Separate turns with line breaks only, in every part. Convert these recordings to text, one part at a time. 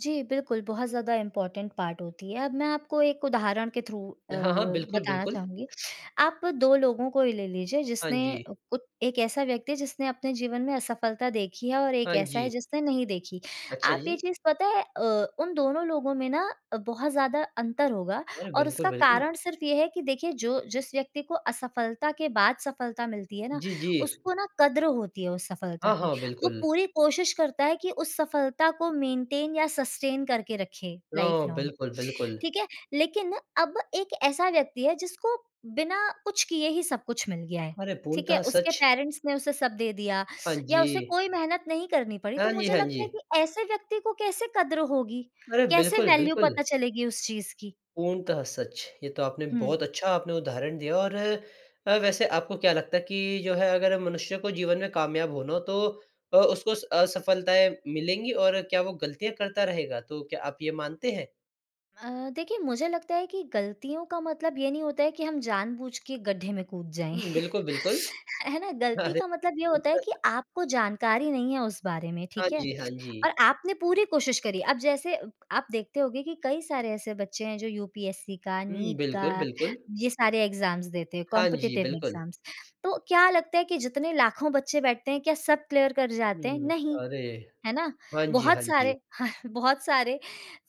जी, बिल्कुल, बहुत ज़्यादा इम्पोर्टेंट पार्ट होती है। अब मैं आपको एक उदाहरण के थ्रू अ,
हाँ, हाँ, बिल्कुल,
बताना
बिल्कुल।
चाहूँगी। आप 2 लोगों को ही ले लीजिए,
हाँ
जिसने अ,
जी।
उ एक ऐसा व्यक्ति है जिसने अपने जीवन में असफलता देखी है और एक
हाँ
ऐसा है
जी।
जिसने नहीं देखी।
अच्छा
आप ये
जी।
चीज़ पता है, अ, उन दोनों लोगों में ना अ, बहुत ज़्यादा अंतर होगा
अरे,
और
बिल्कुल,
उसका
बिल्कुल।
कारण सिर्फ़ ये है कि देखिए जो जिस व्यक्ति को असफलता के बाद सफलता मिलती है ना,
जी, जी।
उसको ना कदर होती है उस सफलता
हाँ,
की।
हाँ,
वो
बिल्कुल।
पूरी कोशिश करता है कि उस सफलता को मेंटेन या सस्टेन करके रखे लाइफ
ओह,
लॉन्ग
बिल्कुल बिल्कुल।
ठीक है, लेकिन अब एक ऐसा व्यक्ति है जिसको बिना कुछ किए ही सब कुछ मिल गया है,
अरे
ठीक है।
पूर्णतः
उसके
सच।
पेरेंट्स ने उसे सब दे दिया
हाँ
या उसे
जी।
कोई मेहनत नहीं करनी पड़ी,
हाँ
तो
जी,
मुझे
हाँ
लगता है कि
जी।
ऐसे व्यक्ति को कैसे कदर होगी?
अरे
कैसे
बिल्कुल,
वैल्यू
बिल्कुल।
पता चलेगी उस चीज़ की?
पूर्णतः सच, ये तो आपने
हुँ।
बहुत अच्छा आपने उदाहरण दिया और वैसे आपको क्या लगता है कि जो है अगर मनुष्य को जीवन में कामयाब होना हो तो अ, उसको स असफलताएँ मिलेंगी और क्या वो गलतियाँ करता रहेगा? तो क्या आप ये मानते हैं?
अ, देखिए मुझे लगता है कि गलतियों का मतलब ये नहीं होता है कि हम जानबूझ के गड्ढे में कूद जाएँ
हुँ, बिल्कुल, बिल्कुल।
है ना गलती
अरे
का मतलब ये होता है
पूर्णतः
कि
सच।
आपको जानकारी नहीं है उस बारे में,
हाँ
ठीक है?
जी, हाँ
और
जी।
आपने पूरी कोशिश करी। अब जैसे अ, आप देखते होंगे कि कई सारे ऐसे बच्चे हैं, जो यूपीएससी का,
हुँ,
नीट
बिल्कुल,
का,
बिल्कुल।
ये सारे एग्ज़ाम्स देते हैं,
हाँ जी,
कॉम्पिटिटिव
बिल्कुल।
एग्ज़ाम्स। तो क्या लगता है कि जितने लाखों बच्चे बैठते हैं, क्या सब क्लियर कर जाते हैं?
हुँ।
नहीं।
अरे,
है ना?
हाँ जी,
बहुत
हाँ जी।
सारे, बहुत सारे,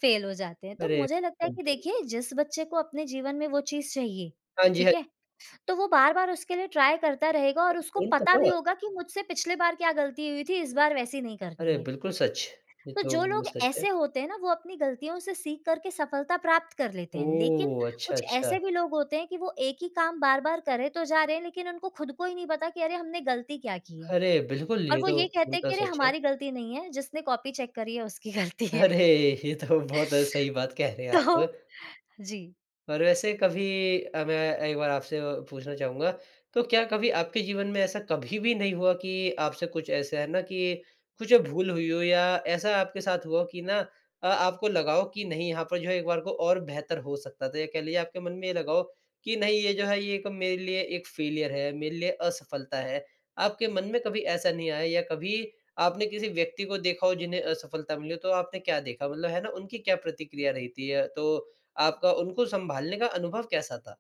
फेल हो जाते हैं तो
अरे
मुझे लगता है कि
[unintelligible]
देखिए जिस बच्चे को अपने जीवन में वो चीज़ चाहिए,
हाँ जी, हाँ।
ठीक है? तो वो बार-बार उसके लिए ट्राई करता रहेगा और उसको पता भी
पूर्णतः।
होगा कि मुझसे पिछली बार क्या गलती हुई थी, इस बार वैसी नहीं
अरे
करनी है।
बिल्कुल सच, ये
तो
तो
जो
बिल्कुल
लोग
सच है।
ऐसे होते हैं ना वो अपनी गलतियों से सीख करके सफलता प्राप्त कर लेते हैं। लेकिन
ओह, अच्छा,
कुछ
अच्छा।
ऐसे भी लोग होते हैं कि वो एक ही काम बार-बार करे तो जा रहे हैं लेकिन उनको खुद को ही नहीं पता कि अरे हमने गलती क्या की है
अरे, बिल्कुल,
और
ये
वो
तो
ये कहते हैं
पूर्णतः
कि अरे
सच है।
हमारी गलती नहीं है जिसने कॉपी चेक करी है उसकी गलती है
अरे, ये तो बहुत सही बात कह रहे हैं
तो
आप
जी।
पर वैसे कभी अब एक बार आपसे और पूछना चाहूँगा, तो क्या कभी आपके जीवन में ऐसा कभी भी नहीं हुआ कि आपसे कुछ ऐसा है ना की कुछ भूल हुई हो या ऐसा आपके साथ हुआ कि ना अ, आपको लगा हो की नहीं यहाँ पर जो है एक बार को और बेहतर हो सकता था या कह लीजिये आपके मन में लगा हो कि नहीं ये जो है ये एक मेरे लिए एक फेल्योर है, मेरे लिए असफलता है, आपके मन में कभी ऐसा नहीं आया या कभी आपने किसी व्यक्ति को देखा हो जिन्हें असफलता मिली हो तो आपने क्या देखा? मतलब है ना उनकी क्या प्रतिक्रिया रहती है थी अ, तो आपका उनको सँभालने का अनुभव कैसा था?